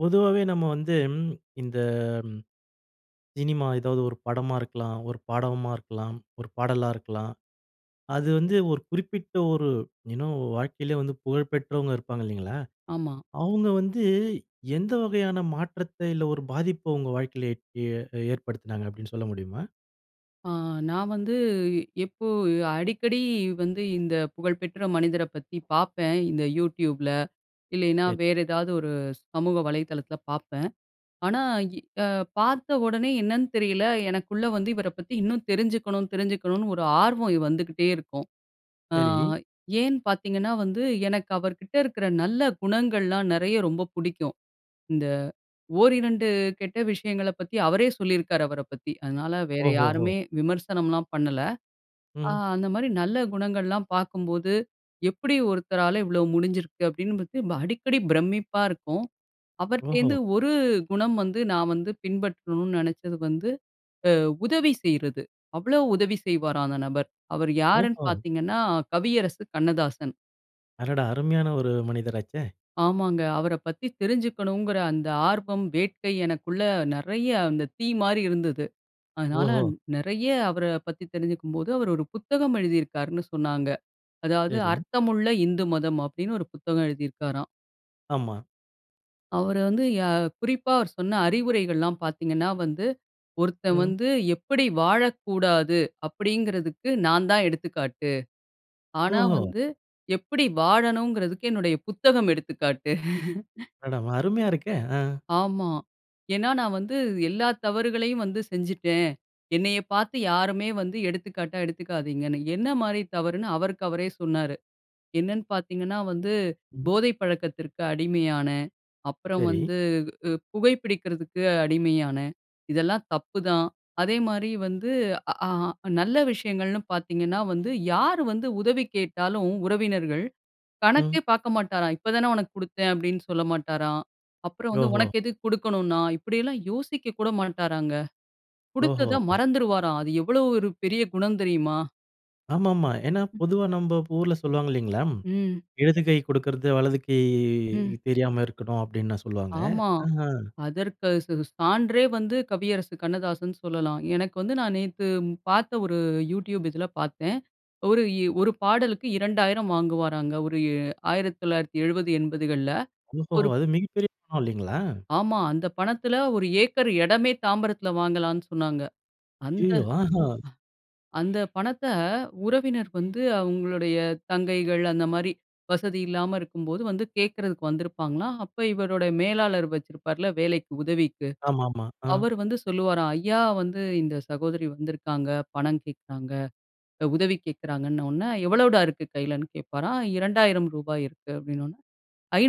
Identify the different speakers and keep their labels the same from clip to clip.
Speaker 1: பொதுவாவே நாம்ம வந்து இந்த ம் சினிமா ஏதாவது ஒரு படமா இருக்கலாம், ஒரு பாடவுமா இருக்கலாம், ஒரு பாடலா இருக்கலாம் அது வந்து ஒரு குறிப்பிட்ட ஒரு யு நோ வாழ்க்கையில வந்து புகழ் பெற்றவங்க இருப்பாங்க இல்லேங்களா!
Speaker 2: ஆமா.
Speaker 1: அவுங்க வந்து எந்த வகையான மாற்றத்த, இல்ல ஒரு பாதிப்ப உங்க வாழ்க்கையில எட் ஏ ஏற்படுத்தினாங்க அப்பிடீன்னு சொல்ல முடியுமா?
Speaker 2: ஆ. நான் வந்து எப்போ அடிக்கடி வந்து இந்த புகழ்பெற்ற மனிதர பத்தி பாப்பேன். இந்த YouTubeல இல்லயின்னா
Speaker 1: சரி.
Speaker 2: வேறு ஏதாவது ஒரு சமூக வலைதளத்தில பாப்பேன். ஆனா இ அ பார்த்த உடனே என்னன்னு தெரியல, எனக்குள்ள வந்து இவர பத்தி இன்னும் தெரிஞ்சிக்கணும், தெரிஞ்சிக்கணுனு ஒரு ஆர்வம் இ வந்துக்கிட்டே இருக்கும். அ
Speaker 1: சரி.
Speaker 2: ஏன்னு பாத்தீங்கன்னா வந்து எனக்கு அவர்கிட்ட இருக்கற நல்ல குணங்கள்லாம் நிறையா ரொம்ப பிடிக்கும். இந்த 1, 2 கெட்ட விஷயங்கள பத்தி அவரே சொல்லியிருக்கிறாரு அவர பத்தி. அதனால வேற
Speaker 1: ஓஹோ! ஹோ!
Speaker 2: யாருமே விமர்சனம்ல பண்ணல. அ
Speaker 1: ம்.
Speaker 2: அந்த மாதிரி நல்ல குணங்கள்லாம் பார்க்கும்போது, எப்படி ஒருத்தரால இவ்வளவு முடிஞ்சிருக்கு அப்பிடீன்னு பத்தி ரொம்ப அடிக்கடி பிரமிப்பா இருக்கும். அவர்ட்ட
Speaker 1: ஓஹோ!
Speaker 2: இருந்து ஒரு குணம் வந்து நான் வந்து பின்பற்றணும்னு நினைச்சது வந்து அ உதவி செய்யிறது அவ்வளவு உதவி செய்வாராம் அந்த நபர். அவரு யாருன்னு
Speaker 1: ஓஹோ!
Speaker 2: பார்த்தீங்கன்னா கவியரசு கண்ணதாசன்.
Speaker 1: அடடா! அருமையான ஒரு, மனிதராச்சே!
Speaker 2: ஆமாங்க. அவர பத்தி தெரிஞ்சுக்கனுங்கற அந்த ஆர்வம், வேட்கை எனக்குள்ள நெறைய அந்த தீ மாரி இருந்தது. அதனால,
Speaker 1: ஓஹோ!
Speaker 2: நெறைய அவர பத்தி தெரிஞ்சுக்கும்போது, அவர் ஒரு புத்தகம் எழுதியிருக்காருன்னு சொன்னாங்க. அதாவது
Speaker 1: சரி.
Speaker 2: "அர்த்தமுள்ள இந்து மதம்" அப்டின்னு ஒரு புத்தகம் எழுதியிருக்காறாம்.
Speaker 1: ஆமா.
Speaker 2: அவர வந்து யா குறிப்பா அவரு சொன்ன அறிவுரைகள்லாம் பாத்தீங்கன்னா வந்து, "ஒருத்தன்
Speaker 1: ம்.
Speaker 2: வந்து எப்படி வாழக்கூடாது? அப்படின்கிறதுக்கு, நான் தான் எடுத்துக்காட்டு ஆனா
Speaker 1: ஓஹோ!
Speaker 2: வந்து, எப்படி வாழணுங்றதுக்கு, என்னுடைய புத்தகம் எடுத்துக்காட்டு"
Speaker 1: [unintelligible] அருமையா இருக்கே! அ.
Speaker 2: ஆமா! ஏன்னா நான் வந்து, எல்லா தவறுகளையும் வந்து செஞ்சுட்டேன். என்னைய பாத்து யாருமே வந்து எடுத்துக்காட்டா எடுத்துக்காதீங்கன்னு என்ன மாரி தவறுன்னு, அவருக்கு அவரே சொன்னாரு. என்னென்னு பாத்தீங்கன்னா வந்து,
Speaker 1: ம்.
Speaker 2: "போதை பழக்கத்திற்கு அடிமையானேன், அப்புறம்
Speaker 1: சரி.
Speaker 2: வந்து, உ உ புகை பிடிக்கிறதுக்கு அடிமையானேன் இதெல்லாம் தப்புதான்."அதேமாரி வந்து அ, ஆ, நல்ல விஷயங்கள்னு பாத்தீங்கன்னா வந்து, யாரு வந்து உதவி கேட்டாலும் உறவினர்கள், கணக்கே
Speaker 1: ம்.
Speaker 2: பாக்க மாட்டாராம். "இப்ப தானே உனக்கு குடுத்தேன்" அப்படின்னு சொல்ல மாட்டாராம். அப்புறம் வந்து,
Speaker 1: ஓஹோ!
Speaker 2: "உனக்கு எதுக்கு குடுக்கணும் நான்?" இப்படியெல்லாம் யோசிக்க கூட மாட்டாராங்க.
Speaker 1: ஓஹோ!
Speaker 2: குடுத்தத
Speaker 1: ஒ.
Speaker 2: மறந்துறுவாராம், அது எவ்வளவு ஒரு பெரிய குணம் தெரியுமா?
Speaker 1: ஆமாமா. ஏன்னா,
Speaker 2: ம்.
Speaker 1: பொதுவா நம்ப ஊர்ல சொல்லுவாங்க இல்லைங்களா?
Speaker 2: ம்.
Speaker 1: "இடது கை குடுக்குறது, வலது கை
Speaker 2: ம்.
Speaker 1: தெரியாம இருக்கணும்," அப்படின்னு சொல்லுவாங்க.
Speaker 2: ஆமா.
Speaker 1: ஆஹ்ம்.
Speaker 2: அதற்கு ஸ் ஸ் சான்றே வந்து கவியரசு கண்ணதாசன்னு சொல்லலாம். எனக்கு வந்து, நான் நேத்து பார்த்த ஒரு YouTube இதுல பார்த்தேன். ஒரு இ 1 பாடலுக்கு 2,000 வாங்குவாராங்க. ஒரு இ 1970, 80கள்ல.
Speaker 1: ஓஹோஹோ!
Speaker 2: 1
Speaker 1: அது மிகப்பெரிய பணம் இல்லைங்களா?
Speaker 2: ஆமா, அந்தப் பணத்துல 1 ஏக்கர் இடமே தாம்பரத்துல வாங்கலான்னு சொன்னாங்க. அந்த
Speaker 1: ஐயயோ! ஆஹா.
Speaker 2: அ அந்த பணத்த, உறவினர் வந்து அவங்களுடைய தங்கைகள் அந்த மாரி, வசதி இல்லாம இருக்கும்போது வந்து கேட்கறதுக்கு வந்திருப்பாங்களாம். அப்ப இவருடைய மேலாளர் வச்சிருப்பார்ல, வேலைக்கு, உதவிக்கு.
Speaker 1: ஆமாமா. ஆ.
Speaker 2: அவரு வந்து சொல்லுவாராம், ஐயா! வந்து இந்த சகோதரி வந்திருக்காங்க, பணம் கேட்குறாங்க. இந்த உதவி கேட்கறாங்கன்ன ஒன்ன, எவ்வளோடா இருக்கு கையிலன்னு கேட்பாராம். "ரூ.2,000 இருக்கு" அப்படினோனே,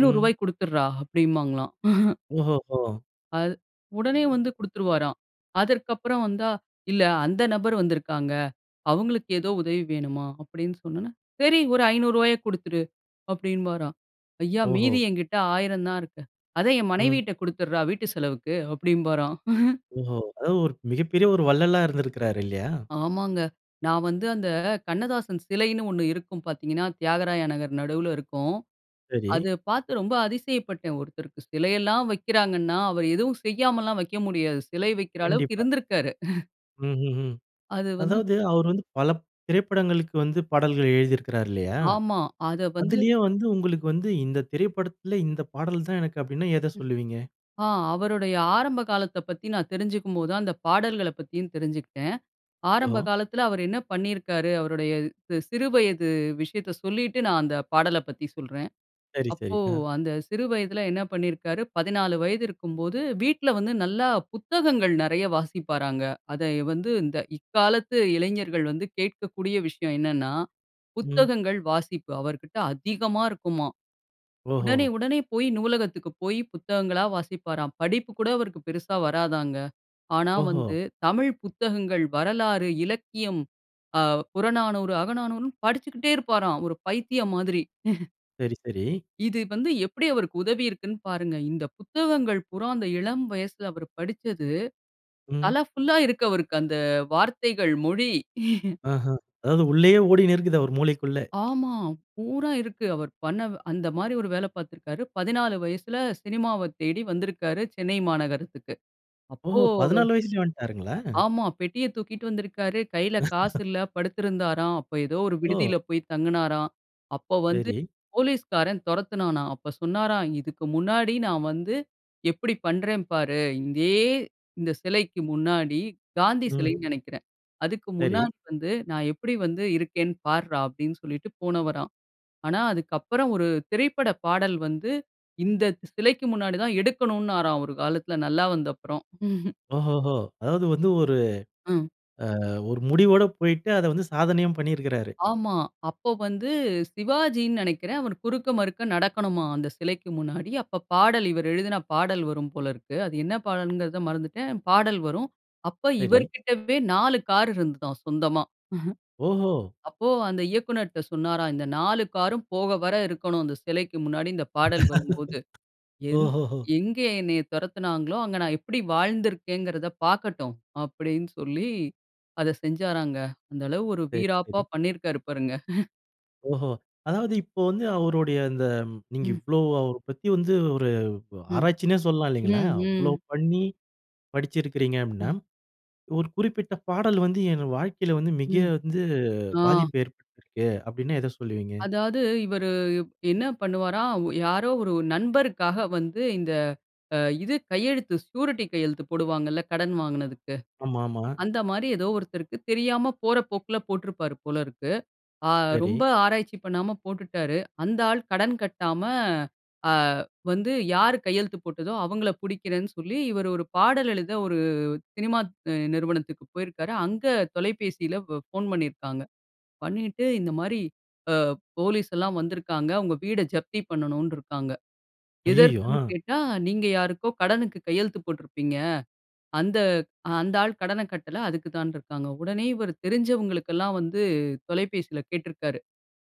Speaker 1: ம்.
Speaker 2: குடுத்துடுறா" அப்படிம்பாங்களாம்.
Speaker 1: ஓஹோஹோ!
Speaker 2: அது, உடனே வந்து குடுத்துருவாராம். அதற்கப்புறம் வந்தா, "இல்ல அந்த நபர் வந்துருக்காங்க. அவங்களுக்கு ஏதோ உதவி வேணுமாம்" அப்படின்னு சொன்னோன, "சரி ஒரு ரூ.500 குடுத்துடு" அப்படின்பாராம். "ஐயா
Speaker 1: ஓஹோ!
Speaker 2: மீதி என்கிட்ட 1,000 தான் இருக்கு". "அதை என்
Speaker 1: ம்.
Speaker 2: மனைவிட்ட குடுத்துடுறா வீட்டு செலவுக்கு," அப்படின்பாராம்.
Speaker 1: ஓஹோ! அதாவது ஒரு மிகப்பெரிய ஒரு வள்ளலா இருந்திருக்கிறாரு, இல்லையா?
Speaker 2: ஆமாங்க. நான் வந்து அந்த, கண்ணதாசன் சிலைன்னு 1 இருக்கும் பார்த்தீங்கன்னா, தியாகராய நகர் நடுவுல இருக்கும்.
Speaker 1: சரி.
Speaker 2: அத பார்த்து ரொம்ப அதிசயப்பட்டேன். ஒருத்தருக்கு சிலையெல்லாம் வைக்கிறாங்கன்னா, அவரு எதுவும் செய்யாமல்லாம் வைக்க முடியாது. சிலை வைக்கிற அளவுக்கு
Speaker 1: கண்டிப்பா.
Speaker 2: இருந்திருக்காரு.
Speaker 1: ம், ம், ம்.
Speaker 2: அது வந்து
Speaker 1: அதாவது, அவர் வந்து, பல திரைப்படங்களுக்கு வந்து பாடல்கள் எழுதியிருக்கிறாரு இல்லயா!
Speaker 2: ஆமா. அத வந்து
Speaker 1: அதிலயே வந்து உங்களுக்கு வந்து இந்த திரைப்படத்தில இந்த பாடல் தான் எனக்கு, அப்டீன்னா எத
Speaker 2: ம்.
Speaker 1: சொல்லுவீங்க?
Speaker 2: ஆ அவருடைய ஆரம்ப காலத்த பத்தி நான் தெரிஞ்சுக்கும் போது அந்த பாடல்களைப் பத்தியும் தெரிஞ்சுக்கிட்டேன். ஆரம்ப
Speaker 1: ஓஹோ!
Speaker 2: காலத்துல, அவரு என்ன பண்ணியிருக்காரு, அவருடைய சி சிறு வயது விஷயத்த சொல்லிட்டு, நான் அந்த பாடல பத்தி சொல்றேன்.
Speaker 1: சரி, சரி.
Speaker 2: அப்போ,
Speaker 1: அ.
Speaker 2: அந்த சிறு வயதுல என்ன பண்ணியிருக்காரு, 14 வயதிருக்கும்போது வீட்ல வந்து, நல்லா புத்தகங்கள் நெறைய வாசிப்பாராங்க. அத வந்து இந்த, இக்காலத்து இளைஞர்கள் வந்து கேக்கக்கூடிய விஷயம் என்னன்னா,
Speaker 1: ம்.
Speaker 2: புத்தகங்கள் வாசிப்பு அவர்கிட்ட அதிகமா இருக்குமாம்.
Speaker 1: ஓஹோ!
Speaker 2: உடனே, உடனே போயி நூலகத்திற்கு போயி புத்தகங்களா வாசிப்பாராம். படிப்பு கூட அவருக்கு பெருசா வராதாங்க. ஆனா
Speaker 1: ஓஹோ!
Speaker 2: வந்து, தமிழ் புத்தகங்கள், வரலாறு, இலக்கியம், அ புறநானூறு, அகநானூறுன்னு படிச்சுக்கிட்டே இருப்பாராம். ஒரு பைத்தியம் மாதிரி
Speaker 1: சரி, சரி.
Speaker 2: இது வந்து, எப்பிடி அவருக்கு உதவியிருக்குன்னு பாருங்க. இந்த புத்தகங்கள் பூரா, அந்த இளம் வயசுல அவர் படிச்சது
Speaker 1: ம்.
Speaker 2: தல ஃபுல்‌லா இருக்கு அவருக்கு அந்த, வார்த்தைகள். மொழி
Speaker 1: ஆஹா! அதாவது உள்ளயே ஓடினு இருக்குது. அவரு மூளைக்குள்ள.
Speaker 2: ஆமா. பூரா இருக்கு. அவர் பண்ண, அந்தமாரி 1 வேல பாத்திருக்காரு. 14 வயசுல சினிமாவத் தேடி வந்திருக்காரு சென்னை மாநகரத்துக்கு அப்போ
Speaker 1: ஓஹோ!
Speaker 2: அவரு.
Speaker 1: 14 வயசுலயே வந்ட்டாருங்களா?
Speaker 2: ஆமா, பெட்டிய தூக்கிட்டு வந்திருக்காரு. கையில காசு இல்ல. படுத்திருந்தாராம். அப்போ ஏதோ 1
Speaker 1: ஓ!
Speaker 2: விடுதியில போயி தங்குனாராம். அப்போ வந்து
Speaker 1: செரி.
Speaker 2: போலீஸ்காரன் தொரத்துனானாம். அப்போ சொன்னாராம், "இதுக்கு முன்னாடி நான் வந்து எப்பிடி பண்றேன் பாரு." இதே, இந்த சிலைக்கு முன்னாடி காந்தி
Speaker 1: ம்.
Speaker 2: சிலைன்னு நெனைக்கிறேன். அதுக்கு
Speaker 1: சரி.
Speaker 2: முன்னாடி வந்து "நான் எப்பிடி வந்து இருக்கேன் பார்றா!" அப்பிடின்னு சொல்லிட்டு போனவராம்! ஆனா அதுக்கப்பறம் 1 திரைப்பட பாடல் வந்து, இந்த சிலைக்கு முன்னாடிதான் எடுக்கணுனாராம் 1 காலத்துல, நல்லா வந்தப்பறம்.
Speaker 1: ஓஹோஹோ! அதாவது வந்து ஒரு
Speaker 2: ம்.
Speaker 1: ஆ 1 முடிவோடு போயிட்டு அத வந்து சாதனையும் பண்ணியிருக்கிறாரு.
Speaker 2: ஆமா. அப்போ வந்து, சிவாஜின்னு நெனைக்கிறேன். அவர் குறுக்க, மறுக்க நடக்கணுமாம் அந்த சிலைக்கு முன்னாடி. அப்ப பாடல் இவரு எழுதின பாடல் வரும் போல இருக்கு. அது என்ன பாடல்ங்கிறத மறந்துட்டேன். பாடல் வரும். அப்ப
Speaker 1: சரி.
Speaker 2: இவருக்கிட்டவே 4 கார் இருந்ததாம், சொந்தமா.
Speaker 1: ஓஹோ!
Speaker 2: அப்போ, அந்த இயக்குனர்ட்ட சொன்னாராம், "இந்த 4 காரரும் போக வர இருக்கணும். அந்த சிலைக்கு முன்னாடி இந்த பாடல் வரும்போது.
Speaker 1: ஓஹோ!
Speaker 2: எந்
Speaker 1: ஹோ! ஹோ!
Speaker 2: எங்க என்னைய தொரத்துனாங்களோ! அங்க நான் எப்பிடி வாழ்ந்திருக்கேங்கிறத பாக்கட்டும்." அப்பிடீன்னு சொல்லி அத செஞ்சாராங்க. அந்தளவு 1
Speaker 1: சரி,
Speaker 2: வீராப்பா
Speaker 1: சரி.
Speaker 2: பண்ணியிருக்காரு பாருங்க
Speaker 1: ஓஹோ! அதாவது
Speaker 2: ம்,
Speaker 1: இப்போ வந்து
Speaker 2: ம்.
Speaker 1: அவருடைய, அந்த நீங்க
Speaker 2: ம்.
Speaker 1: இவ்வளோ அவரைப் பத்தி வந்து, ஒரு ஒ
Speaker 2: ம்,
Speaker 1: ஆராய்ச்சின்னே சொல்லலாம், இல்லைங்களா?
Speaker 2: ம்,
Speaker 1: அவ்ளோ
Speaker 2: ம்.
Speaker 1: பண்ணி படிச்சிருக்கிறீங்க அப்டீன்னா,
Speaker 2: அ.
Speaker 1: ஒரு குறிப்பிட்ட பாடல் வந்து, என் வாழ்க்கைல வந்து, மிக
Speaker 2: ம்.
Speaker 1: வந்து
Speaker 2: ஆ.
Speaker 1: பாதிப்பு ஏற்படுத்திருக்கு அப்பிடீன்னா, எத சொல்வீங்க?
Speaker 2: அதாவது, இவரு வ் என்ன பண்ணுவாராம், ஒ யாரோ ஒரு நண்பருக்காக வந்து, இந்த அ இது கையெழுத்து ஸ்யூரிட்டி கையெழுத்து போடுவாங்கள்ல, கடன் வாங்குனதுக்கு.
Speaker 1: ஆமா, ஆமா.
Speaker 2: அந்த மாரி ஏதோ ஒருத்தருக்கு தெரியாம போற போக்குல போட்ருப்பாரு, போலருக்கு. அ
Speaker 1: சரி.
Speaker 2: ரொம்ப ஆராய்ச்சி பண்ணாம போட்டுட்டாரு. அந்த ஆள் கடன் கட்டாம, அ வந்து யாரு கையெழுத்து போட்டதோ, அவங்கள புடிக்கிறேன்னு சொல்லி இவரு ஒரு பாடல் எழுத, ஒரு சினிமா நிறுவனத்துக்கு போயிருக்காரு. அங்க தொலைபேசில ப ஃபோன் பண்ணிருக்காங்க. பண்ணிட்டு, இந்த மாரி அ போலீஸ் எல்லாம் வந்திருக்காங்க. உங்க வீட ஜப்தி பண்ணணுன்ருக்காங்க.
Speaker 1: ஐய்யய்யோ!
Speaker 2: எதற்குன்னு
Speaker 1: ஆ.
Speaker 2: கேட்டா, நீங்க யாருக்கோ கடனுக்கு கையெழுத்து போட்ருப்பீங்க. அந்த அந்த ஆள் கடன கட்டல, அதுக்கு தான்ருக்காங்க. உடனே இவரு தெரிஞ்சவங்களுக்கெல்லாம் வந்து, தொலைபேசில கேட்ருக்கிறாரு.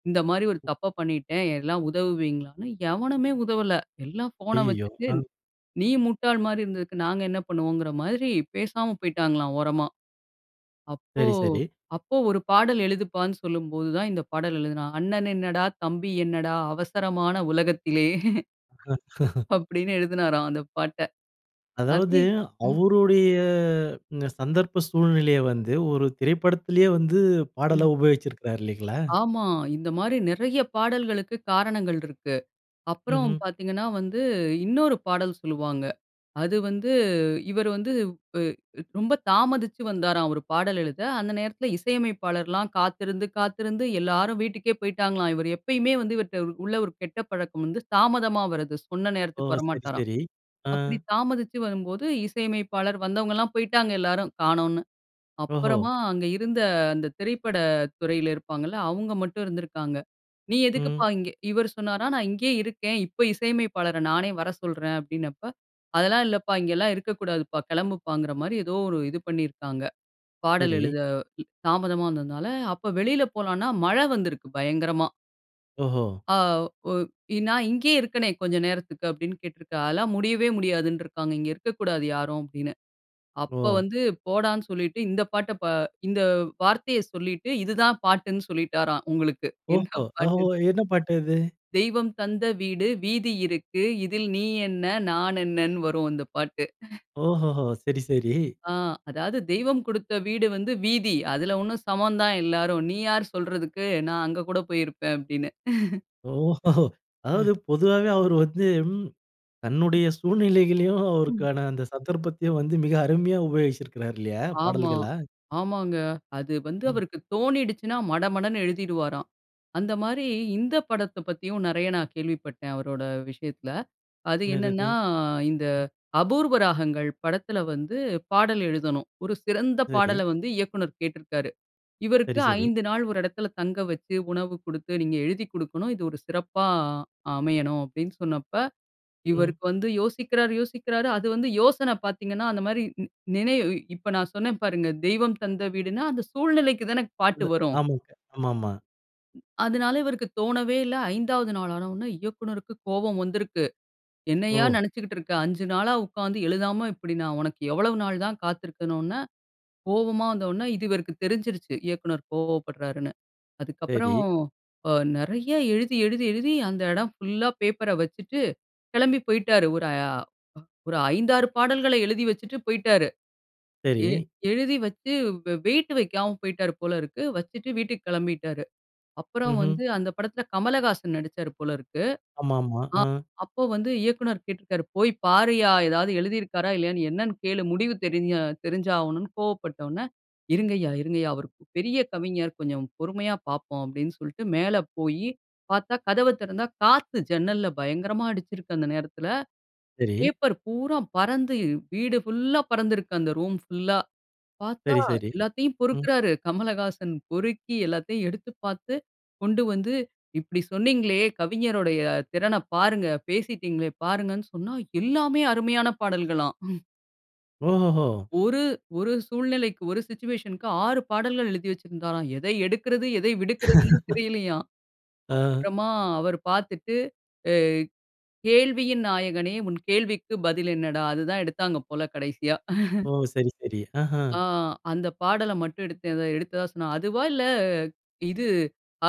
Speaker 2: இந்த மாரி ஒரு
Speaker 1: ம்.
Speaker 2: தப்ப பண்ணிட்டேன், எல்லாம் உதவுவீங்களான்னு. எவனுமே உதவல. எல்லாம் ஃபோனை
Speaker 1: ஐய்யயோ!
Speaker 2: வச்சுட்டு,
Speaker 1: ஆ.
Speaker 2: நீ முட்டாள் மாரி இருந்ததுக்கு, நாங்க என்ன பண்ணுவோங்கிற மாரி, பேசாம போய்ட்டாங்களாம், ஓரமா. அப்போ
Speaker 1: சரி, சரி.
Speaker 2: அப்போ ஒரு பாடல் எழுதுப்பான்னு சொல்லும்போது தான், இந்த பாடல் எழுதினா "அண்ணன் என்னடா? தம்பி என்னடா? அவசரமான உலகத்திலே" அப்டீன்னு எழுதுனாராம், அந்த பாட்ட.
Speaker 1: அதாவது,
Speaker 2: அதே ம்.
Speaker 1: அவரோடைய இந்த சந்தர்ப்ப சூழ்நிலைய வந்து, ஒரு திரைப்படத்திலயே வந்து, பாடலா
Speaker 2: ம்.
Speaker 1: உபயோகிச்சிருக்குறாரு, இல்லங்களா?
Speaker 2: ஆமா. இந்த மாரி நெறைய பாடல்களுக்கு காரணங்கள் இருக்கு. அப்புறம்
Speaker 1: ம்ஹ்ம்.
Speaker 2: பாத்தீங்கன்னா வந்து, இன்னொரு பாடல் சொல்லுவாங்க. அது வந்து இவர் வந்து வு அ ரொம்ப தாமதிச்சு வந்தாராம், ஒரு பாடல் எழுத. அந்த நேரத்துல இசையமைப்பாளர்லாம் காத்திருந்து காத்திருந்து எல்லாரும் வீட்டுக்கே போய்ட்டாங்களாம். இவரு எப்பயுமே வந்து, இவர்ட்ட உள்ள ஒரு கெட்ட பழக்கம் வந்து, தாமதமா வரது. சொன்ன
Speaker 1: ஓ!
Speaker 2: நேரத்துக்கு
Speaker 1: சரி,
Speaker 2: வரமாட்டாராம்.
Speaker 1: சரி. ஆ.
Speaker 2: அப்பிடி தாமதிச்சு வரும்போது, இசையமைப்பாளர் வந்தவங்கலாம் போய்ட்டாங்க எல்லாரும் காணோன்னு!
Speaker 1: ஓஹோ!
Speaker 2: அப்புறமா, அங்க இருந்த அந்த திரைப்பட துறைல இருப்பாங்கல்ல, அவுங்க மட்டும் இருந்திருக்காங்க. "நீ எதுக்குப்பா
Speaker 1: ம்.
Speaker 2: இங்க" இவரு சொன்னாராம். "நான் இங்கயே இருக்கேன். இப்ப இசையமைப்பாளர நானே வர சொல்றேன்" அப்படீன்னப்ப, "அதெல்லாம் இல்லப்பா. இங்கலாம் இருக்கக்கூடாதுப்பா" கெளம்புப்பாங்கிற மாரி ஏதோ ஒரு இது பண்ணிருக்காங்க, பாடல்
Speaker 1: சரி.
Speaker 2: எழுத ம். தாமதமா வந்ததுனால, அப்போ வெளில போலான்னா, மழை வந்திருக்கு, பயங்கரமா.
Speaker 1: ஓஹோ!
Speaker 2: ஆ ஒ இ "நான் இங்கேயே இருக்கனே கொஞ்சம் நேரத்துக்கு." அப்படீன்னு கேட்ருக்கார். அதெல்லாம் முடியவே முடியாதுன்ருக்காங்க. "இங்க இருக்கக்கூடாது யாரும்." அப்படீன்னு. அப்ப
Speaker 1: ஓ!
Speaker 2: வந்து போடான்னு சொல்லிட்டு, இந்த பாட்ட பா இந்த வார்த்தைய சொல்லிட்டு, இது தான் பாட்டுன்னு சொல்லிட்டாராம் உங்களுக்கு, என்ன
Speaker 1: ஓஹோ! ஒஹொஹோ!
Speaker 2: பாட்டுன்னு.
Speaker 1: என்ன பாட்டு அது?
Speaker 2: தெய்வம் தந்த வீடு, வீதி இருக்கு. இதில் நீ என்ன? நான் என்னன்னு வரும் அந்தப் பாட்டு.
Speaker 1: ஓஹோஹோ! சரி, சரி.
Speaker 2: ஆ. அதாவது, "தெய்வம் கொடுத்த வீடு வந்து வீதி. அதுல ஒண்ணும் சமம் தான் எல்லாரும். நீ யாரு சொல்றதுக்கு? நான் அங்க கூட போய் இருப்பேன்." அப்படீன்னு.
Speaker 1: ஓஹொஹோ!
Speaker 2: அ.
Speaker 1: அதாவது பொதுவாவே அவர் வந்து, ம்
Speaker 2: அ.
Speaker 1: தன்னுடைய சூழ்நிலைகளையும்
Speaker 2: ம்.
Speaker 1: அவருக்கான அந்த சந்தர்ப்பத்தையும் வந்து மிக அருமையா உபயோகிச்சிருக்காரு இல்லையா?
Speaker 2: ஆமா.
Speaker 1: பாடல்களா.
Speaker 2: ஆமாங்க. அது வந்து
Speaker 1: ம்.
Speaker 2: அவருக்கு தோனிடுச்சுன்னா மடமடன்னு எழுதிடுவாராம். அந்த மாரி இந்த படத்தப் பத்தியும் நெறைய நான் கேள்விப்பட்டேன் அவரோட விஷயத்துல. அது
Speaker 1: என்னது அது?
Speaker 2: என்னன்னா, இந்த
Speaker 1: ம்.
Speaker 2: அபூர்வ ராகங்கள் படத்துல வந்து, பாடல் எழுதணும். ஒரு சிறந்த
Speaker 1: சரி.
Speaker 2: பாடல வந்து இயக்குனர் கேட்ருக்காரு. இவருக்கு
Speaker 1: சரி, சரி.
Speaker 2: 5 நாள் 1 எடத்துல தங்க வச்சு, உணவு குடுத்து, "நீங்க எழுதிக் குடுக்கணும், இது ஒரு சிறப்பா அமையணும்." அப்படீன்னுசொன்னப்ப,
Speaker 1: ம்.
Speaker 2: இவருக்கு வந்து யோசிக்கிறாரு யோசிக்கிறாரு அது வந்து யோசனை பார்த்தீங்கன்னா, அந்த மாரி நி நினைவு இப்ப நான் சொன்னேன் பாருங்க, "தெய்வம் தந்த வீடுன்னா", அந்த சூழ்நிலைக்கு தானே
Speaker 1: அந்த
Speaker 2: பாட்டு வரும்.
Speaker 1: ஆமாங்க, ஆமாமா.
Speaker 2: அதனால, இவருக்கு தோணவே இல்ல. 5 வது நாளான உடனே இயக்குனருக்கு கோபம் வந்திருக்கு. என்னையா!
Speaker 1: ஓ!
Speaker 2: நினச்சுக்கிட்டு இருக்க. 5 நாளா உட்காந்து எழுதாம இப்படி நான் உனக்கு எவ்வளவு நாள் தான் காத்திருக்கணுன்னு கோவமா வந்தவுடனே, இது இவருக்கு தெரிஞ்சிருச்சு. இயக்குனர் கோவப்படுறாருன்னு.
Speaker 1: சரி.
Speaker 2: அதுக்கப்பறம் அ நெறைய எழுதி, எழுதி, எழுதி, அந்த இடம் ஃபுல்லா பேப்பர வச்சுட்டு, கிளம்பி போயிட்டாரு. ஒரு அ ஒரு 5, 6 பாடல்கள எழுதி வச்சுட்டு போயிட்டாரு. எ
Speaker 1: சரி.
Speaker 2: எழுதி வச்சு, வெ வெயிட் வைக்காம போய்ட்டாரு போலருக்கு. வச்சுட்டு வீட்டுக்கு கிளம்பிட்டாரு. அப்புறம்
Speaker 1: ம்ஹ்ம்.
Speaker 2: வந்து அந்த படத்தில கமலஹாசன் நடிச்சாரு போலருக்கு.
Speaker 1: ஆமாமா.
Speaker 2: ஆ
Speaker 1: அ.
Speaker 2: அப்போ வந்து இயக்குனர் கேட்டிருக்கிறாரு. "போய் பாருய்யா! ஏதாவது எழுதியிருக்காரா இல்லயான்னு என்னென்னு கேளு முடிவு தெரிஞ்ச தெரிஞ்சாவணுனு கோவப்பட்ட உடனே, இருங்கய்யா, இருங்க ஐயா. அவரு பெரிய கவிஞர். கொஞ்சம் பொறுமையா பார்ப்போம் அப்பிடின்னு சொல்லிட்டு மேல போயி பார்த்தா, கதவ தெறந்தா, காத்து ஜன்னல்ல பயங்கரமா அடிச்சிருக்கு, அந்த நேரத்தில.
Speaker 1: சரி.
Speaker 2: பேப்பர் பூரா பறந்து, வீடு ஃபுல்லா பறந்திருக்கு. அந்த ரூம் ஃபுல்லா. பார்த்தா,
Speaker 1: சரி, சரி.
Speaker 2: எல்லாத்தையும்
Speaker 1: ம்.
Speaker 2: பொறுக்கிறாரு, கமலஹாசன். பொறுக்கி எல்லாத்தையும் எடுத்து பார்த்து, கொண்டு வந்து, இப்பிடி சொன்னீங்களே. கவிஞருடைய திறனப் பாருங்க. பேசிட்டீங்களே! பாருங்கன்னு சொன்னா, எல்லாமே அருமையான பாடல்களாம்
Speaker 1: ஓஹோ! ஹோ!
Speaker 2: ஒரு 1 சூழ்நிலைக்கு 1 சிட்யூவேஷன்‌ க்கு 6 பாடல்கள் எழுதி வச்சிருந்தாராம். எதை எடுக்கிறது, எதை விடுக்குறதுன்னே தெரியலையாம்.
Speaker 1: ஆ.
Speaker 2: அப்புறமா அவர் பார்த்துட்டு, அ "கேள்வியின் நாயகனே, உன் கேள்விக்கு பதில் என்னடா?" அது தான் எடுத்தாங்க போல கடைசியா
Speaker 1: ஓ! சரி, சரி, ஆஹா!
Speaker 2: ஆ. அந்த பாடல மட்டும் எடுத்த எதோ எடுத்ததாக சொன்னாங்க. அதுவா இல்ல, இது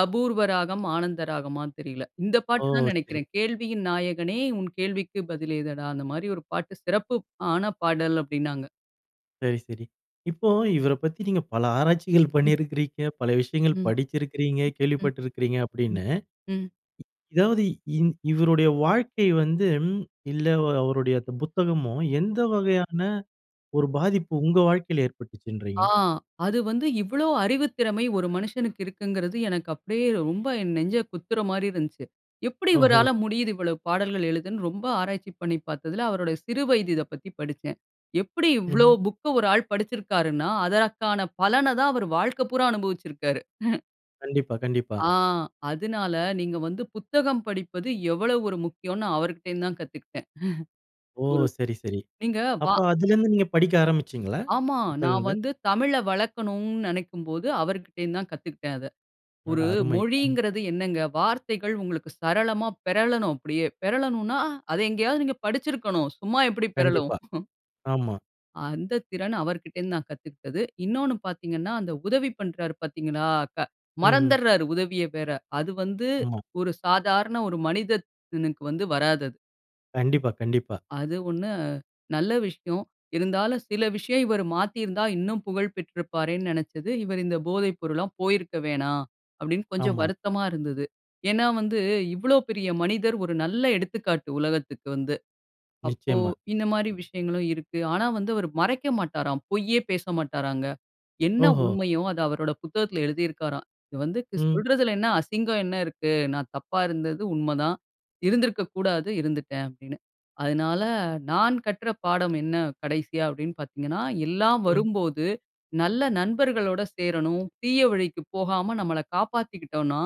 Speaker 2: அபூர்வ ராகம், ஆனந்த ராகமான்னு தெரியல. இந்த
Speaker 1: ஓ!
Speaker 2: பாட்டு தான்
Speaker 1: சரி.
Speaker 2: நெனைக்கிறேன். கேள்வியின் நாயகனே, உன் கேள்விக்கு பதில் ஏதடா? அந்த மாரி 1 பாட்டு சிறப்பு ஆன பாடல் அப்பிடின்னாங்க.
Speaker 1: சரி, சரி. இப்போ இவர பத்தி நீங்க பல ஆராய்ச்சிகள்
Speaker 2: ம்.
Speaker 1: பண்ணியிருக்கிறீங்க. பல விஷயங்கள்
Speaker 2: ம்,
Speaker 1: படிச்சிருக்றீங்க,
Speaker 2: ம்,
Speaker 1: கேள்விப்பட்டு இருக்கிறீங்க
Speaker 2: ம், ம்,
Speaker 1: அப்பிடின்னு.
Speaker 2: ம்.
Speaker 1: இ இதாவது இந் இவருடைய வாழ்க்கை வந்து, இல்ல அ அவருடைய புத்தகமோ, எந்த வகையான 1 பாதிப்பு உங்க வாழ்க்கையில
Speaker 2: ஆ.
Speaker 1: ஏற்பட்டுச்சுன்றீங்க?
Speaker 2: அது வந்து இவ்ளோ அறிவுத்திறமை 1 மனுஷனுக்கு இருக்குங்கிறது, எனக்கு அப்பிடியே ரொம்ப என் நெஞ்ச குத்துற மாரி இருந்துச்சு எப்பிடி
Speaker 1: ஓஹோ!
Speaker 2: இவரால முடியுது? இவ்ளோ பாடல்கள் எழுதன்னு, ரொம்ப ஆராய்ச்சி பண்ணி பார்த்ததுல, அவரோட சிறு வயது இத பத்தி படிச்சேன். எப்பிடி இவ்ளோ
Speaker 1: ம்ஹ்ம்.
Speaker 2: புக் 1 ஆள் படிச்சிருக்காருன்னா, அதற்கான பலன தான் அவரு வாழ்க்க பூராம் அனுபவிச்சிருக்காரு.
Speaker 1: கண்டிப்பா, கண்டிப்பா.
Speaker 2: ஆ அதுனால நீங்க வந்து புத்தகம் படிப்பது எவ்வளோ 1 முக்கியம்னு அவருகிட்டருந்து தான் கத்துக்கிட்டேன்.
Speaker 1: ஓ!
Speaker 2: 1
Speaker 1: சரி சரி.
Speaker 2: நீங்க வா.
Speaker 1: அப்ப அதிலருந்து நீங்க படிக்க ஆரம்பிச்சீங்களா?
Speaker 2: ஆமா. நான்
Speaker 1: புத்தகங்கள்?
Speaker 2: வந்து தமிழ வளர்க்கணுன்னு நினைக்கும்போது, அவருகிட்டருந்து தான் கத்துக்கிட்டேன் அத.
Speaker 1: அடடா!
Speaker 2: 1
Speaker 1: அருமை! ம்.
Speaker 2: மொழிங்கிறது என்னங்க? வார்த்தைகள் உங்களுக்கு சரளமா பெரளணும் அப்பிடியே. பெரளணுன்னா, அத எங்கேயாவது நீங்க படிச்சிருக்கணும். சும்மா எப்பிடி பெரளும்?
Speaker 1: கண்டிப்பா. ஆமா.
Speaker 2: அந்த திறன் அவருகிட்டருந்து நான் கத்துக்கிட்டது. இன்னோன்னு பார்த்தீங்கன்னா, அந்த உதவி பண்றாரு பார்த்தீர்களா! க
Speaker 1: ம்ஹ்ம்.
Speaker 2: மறந்துருறாரு உதவிய வேற. அது வந்து
Speaker 1: ஆமா.
Speaker 2: 1 சாதாரண 1 மனிதனுக்கு வந்து வராது அது.
Speaker 1: கண்டிப்பா கண்டிப்பா.
Speaker 2: அது 1 நல்ல விஷயம். இருந்தாலும், சில விஷயம் இவரு மாத்திருந்தா, இன்னும் புகழ் பெற்றிருப்பாரேன்னு நினைச்சது, இவரு இந்த போதை பொருள்லாம் போயிருக்க வேணாம், அப்பிடீன்னு கொஞ்சம்
Speaker 1: ஆமா.
Speaker 2: வருத்தமா இருந்தது. ஏன்னா, வந்து இவ்வளோ பெரிய மனிதர். 1 நல்ல எடுத்துக்காட்டு உலகத்துக்கு வந்து. அப்போ,
Speaker 1: நிச்சயமா.
Speaker 2: இந்த மாரி விஷயங்களும் இருக்கு. ஆனா வந்து க் அவரு மறைக்க மாட்டாராம். பொய்யே பேச மாட்டாராங்க. என்ன
Speaker 1: ஓஹோ!
Speaker 2: உண்மையோ! அத அவரோட புத்தகத்துல எழுதி இருக்கிறாராம். இது வந்து
Speaker 1: ம்.
Speaker 2: சொல்றதிலன்னா, அசிங்கம் என்ன இருக்கு? நான் தப்பா இருந்தது உண்ம தான். இருந்திருக்க கூடாது இருந்துட்டேன் அப்பிடின்னு. அதனால, நான் கற்ற பாடம் என்ன கடைசியா? அப்பிடீன்னு பார்த்தீங்கன்னா, எல்லாம்
Speaker 1: ம்.
Speaker 2: வரும்போது நல்ல நண்பர்களோட சேரணும். தீய வழிக்கு போகாம நம்மள காப்பாத்திக்கிட்டோன்னா,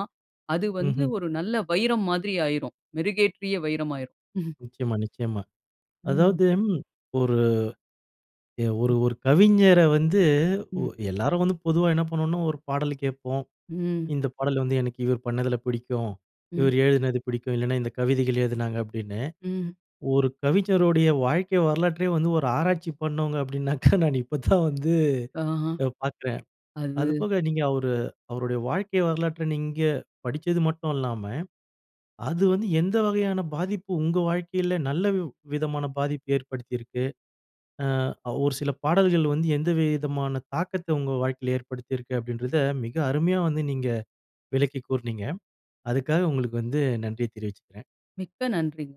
Speaker 2: அது வந்து
Speaker 1: ம்ஹ்ம்.
Speaker 2: 1 நல்ல வைரம் மாதிரி ஆயிரும். மெருகேற்றிய வைரம் ஆயிரும்.
Speaker 1: நிச்சயமா நிச்சயமா.
Speaker 2: ம்.
Speaker 1: அதாவது, ம், 1 அ, ஒரு,
Speaker 2: ம்.
Speaker 1: ஒரு கவிஞர வந்து, உ
Speaker 2: ம்.
Speaker 1: எல்லாரும் வந்து பொதுவா என்ன பண்ணுவோன்னா, 1 பாடல கேட்போம்.
Speaker 2: ம்.
Speaker 1: இந்த பாடல் வந்து எனக்கு இவரு பண்ணதுல பிடிக்கும்.
Speaker 2: ம்.
Speaker 1: இவரு எழுதினது பிடிக்கும். இல்லன்னா இந்த கவிதைகள் எழுதினாங்க அப்பிடீன்னு.
Speaker 2: ம்.
Speaker 1: 1 கவிஞருடைய வாழ்க்கை வரலாற்றே வந்து 1 ஆராய்ச்சி பண்ணவுங்க அப்பிடினாக்கா, நான் இப்ப தான் வந்து
Speaker 2: ஆஹா.
Speaker 1: நான் பார்க்குறேன்
Speaker 2: அது.
Speaker 1: அதுபோக, நீங்க அவரு அவருடைய வாழ்க்கை வரலாற்ற நீங்க படிச்சது மட்டும் இல்லாம, அது வந்து எந்த வகையான பாதிப்பு, உங்க வாழ்க்கைல? நல்ல வி விதமான பாதிப்பு ஏற்படுத்தியிருக்கு. ஆ, அவ் 1 சில பாடல்கள் வந்து எந்த வி விதமான தாக்கத்த உங்க வாழ்க்கையில ஏற்படுத்திருக்கு? அப்பிடீன்றத மிக அருமையா வந்து நீங்க விளக்கிக் கூறினீங்க. அதுக்காக உங்களுக்கு வந்து நன்றிய தெரிவிச்சுக்கிறேன்.
Speaker 2: மிக்க நன்றிங்க.